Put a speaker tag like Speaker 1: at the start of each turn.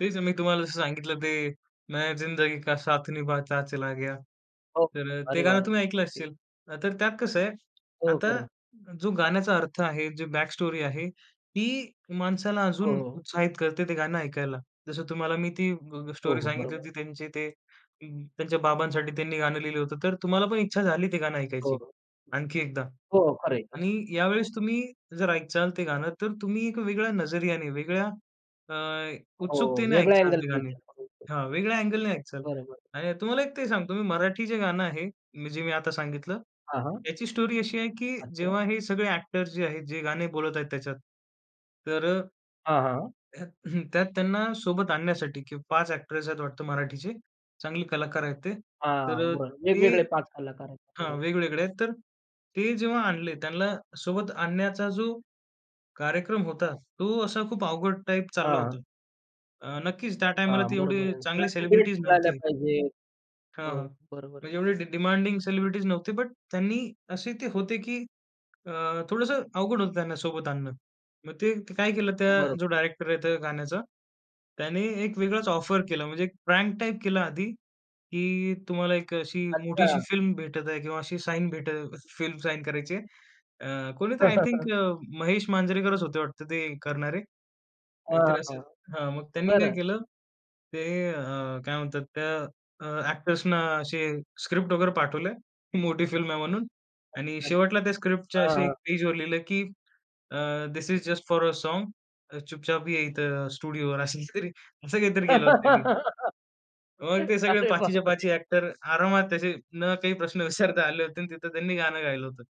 Speaker 1: तेच मी तुम्हाला जसं सांगितलं ते, मैं जिंदगी का साथ निभाता चला गया.
Speaker 2: हो.
Speaker 1: तर अ, ते
Speaker 2: अरे, वाह!
Speaker 1: गाणं
Speaker 2: वाह!
Speaker 1: तुम्ही ऐकलं
Speaker 2: अगदी.
Speaker 1: असेल. तर त्यात कसं आहे?
Speaker 2: हो,
Speaker 1: आता
Speaker 2: खरं आहे.
Speaker 1: जो गाण्याचा अर्थ आहे, जी बॅकस्टोरी आहे, ती माणसाला
Speaker 2: हो,
Speaker 1: अजून
Speaker 2: हो.
Speaker 1: उत्साहित करते, ते गाणं ऐकायला. जसं तुम्हाला मी ती ग ग
Speaker 2: हो,
Speaker 1: स्टोरी
Speaker 2: हो,
Speaker 1: सांगितली
Speaker 2: बरोबर.
Speaker 1: होती त्यांचे ते अ, त्यांच्या बाबांसाठी त्यांनी गाणं लिहिलं होतं. तर तुम्हाला पण इच्छा झाली ते गाणं
Speaker 2: हो,
Speaker 1: ऐकायची,
Speaker 2: हो.
Speaker 1: आणखी एकदा.
Speaker 2: हो, खरं आहे. खरं आहे.
Speaker 1: आणि यावेळेस तुम्ही जर ऐकालं ते गाणं, तर तुम्ही एक वेगळ्या नजरियाने, वेगळ्या अ,
Speaker 2: हो.
Speaker 1: उत्सुकतेने
Speaker 2: वेगळ्या
Speaker 1: ऐकालं ते
Speaker 2: अँगलने
Speaker 1: गाणे.
Speaker 2: विचारलं. हं, हं.
Speaker 1: हां, वेगळ्या अँगलने ऐकालं
Speaker 2: बरोबर.
Speaker 1: आणि तुम्हाला एक ते सांगतो, मी मराठी जे गाणं आहे, जे मी आता सांगितलं,
Speaker 2: हां, हां.
Speaker 1: ह्याची स्टोरी अशी आहे, की
Speaker 2: अच्छा.
Speaker 1: जेव्हा हे सगळे ॲक्टर्स जे आहेत जे गाणे बोलत आहेत त्याच्यात तर अ
Speaker 2: हां, हां.
Speaker 1: त्यात त्यांना सोबत आणण्यासाठी की 5 ॲक्टर्स आहेत वाटतं मराठीचे, चांगले कलाकार आहेत ते. तर
Speaker 2: हां,
Speaker 1: अ,
Speaker 2: बर
Speaker 1: ते
Speaker 2: वेगवेगळे 5 कलाकार आहेत. बरोबर
Speaker 1: हां,
Speaker 2: आहे.
Speaker 1: वेगवेगळे आहेत, तर ते जेव्हा आणले, त्यांना सोबत आणण्याचा जो कार्यक्रम होता, तो असा खूप अवघड टाइप चालला
Speaker 2: हां.
Speaker 1: होता. अ, नक्कीच त्या टाईमाला
Speaker 2: हां,
Speaker 1: ते
Speaker 2: बरोबर
Speaker 1: एवढे
Speaker 2: आहे.
Speaker 1: चांगली
Speaker 2: त्याला तेच
Speaker 1: सेलिब्रिटीज
Speaker 2: मिळाल्या
Speaker 1: नव्हते.
Speaker 2: पाहिजेत.
Speaker 1: हां,
Speaker 2: हो,
Speaker 1: हां.
Speaker 2: बरोबर आहे.
Speaker 1: म्हणजे एवढे डि डिमांडिंग सेलिब्रिटीज नव्हते, बट त्यांनी असे ते होते की अ, थोडंसं अवघड होतं त्यांना सोबत आणणं. मग ते काय केलं? त्या,
Speaker 2: हां,
Speaker 1: जो
Speaker 2: बरोबर आहे.
Speaker 1: डायरेक्टर आहे त्या गाण्याचा, त्याने एक वेगळाच ऑफर केला, म्हणजे प्रँक टाइप केला आधी, की तुम्हाला एक अशी मोठीशी
Speaker 2: अच्छा.
Speaker 1: फिल्म भेटत आहे, किंवा अशी साइन भेट फिल्म साइन करायची आहे. अ, कोणीतरी आय थिंक अ, महेश मांजरेकरच होते वाटत ते करणारे.
Speaker 2: हां,
Speaker 1: काहीतरी
Speaker 2: हां,
Speaker 1: असेल. हां, मग त्यांनी काय
Speaker 2: बरं.
Speaker 1: केलं? ते अ, काय म्हणतात त्या, अ, ॲक्टर्सना असे स्क्रिप्ट वगैरे पाठवलंय, मोठी फिल्म आहे म्हणून, आणि
Speaker 2: अच्छा.
Speaker 1: शेवटला त्या स्क्रिप्टच्या
Speaker 2: हां,
Speaker 1: अशी
Speaker 2: हां, हां.
Speaker 1: एक पेजवर लिहिलं, की अ, "this is just for a song. अ, चुपचाप ये इथं स्टुडिओवर." अशी स्क्रिप्ट, असं काहीतरी केलं होतं त्यांनी. मग ते सगळे
Speaker 2: अरे,
Speaker 1: पाचीच्या
Speaker 2: बापरे!
Speaker 1: पाची ॲक्टर आरामात असे न काही प्रश्न विचारता आले होते आणि तिथं त्यांनी गाणं गायलं होतं.